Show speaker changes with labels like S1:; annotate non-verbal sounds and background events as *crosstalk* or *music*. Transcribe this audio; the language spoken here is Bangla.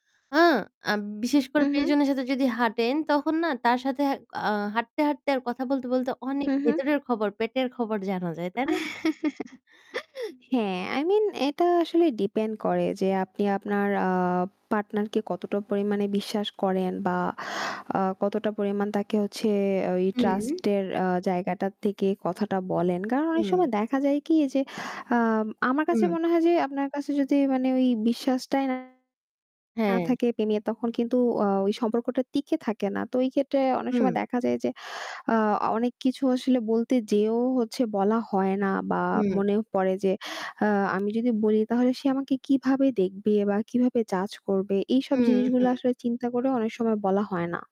S1: আ আব বিশেষ
S2: উ
S1: করে
S2: হু।
S1: প্রিয়জনের সাথে যদি হাঁটেন তখন না তার সাথে, হ্যাঁক আ হাঁটতে, হাঁটতে আর কথা বলতে, বলতে অনেক
S2: হু, হু।
S1: ভেতরের খবর পেটের খবর জানা যায়। তাই না?
S2: *chuckles* হ্যাঁ, i mean এটা আসলে depend করে যে আপনি আপনার আ partner কে কতটা পরিমাণে বিশ্বাস করেন বা আ কতটা পরিমাণ তাকে হচ্ছে ওই
S1: হুম।
S2: trust এর আ জায়গাটা থেকে কথাটা বলেন। কারণ অনেক
S1: উম
S2: সময় দেখা যায় কি যে, আম আমার কাছে
S1: উম
S2: মনে হয় যে আপনার কাছে যদি মানে ওই বিশ্বাসটাই না, না
S1: হ্যাঁ।
S2: থাকে প্রেমীয়া তখন কিন্তু ও ওই সম্পর্কটা টিকে থাকে না। তো এই ক্ষেত্রে অনেক সময়
S1: উম
S2: দেখা যায় যে, আ অনেক কিছু আসলে বলতে যেয়েও হচ্ছে বলা হয় না বা
S1: হুম।
S2: মনে পড়ে যে, "আ আমি যদি বলি তাহলে সে আমাকে কিভাবে দেখবে? বা কিভাবে judge করবে?" এইসব
S1: উম
S2: জিনিসগুলো
S1: হু।
S2: আসলে চিন্তা করেও অনেক সময় বলা হয় না।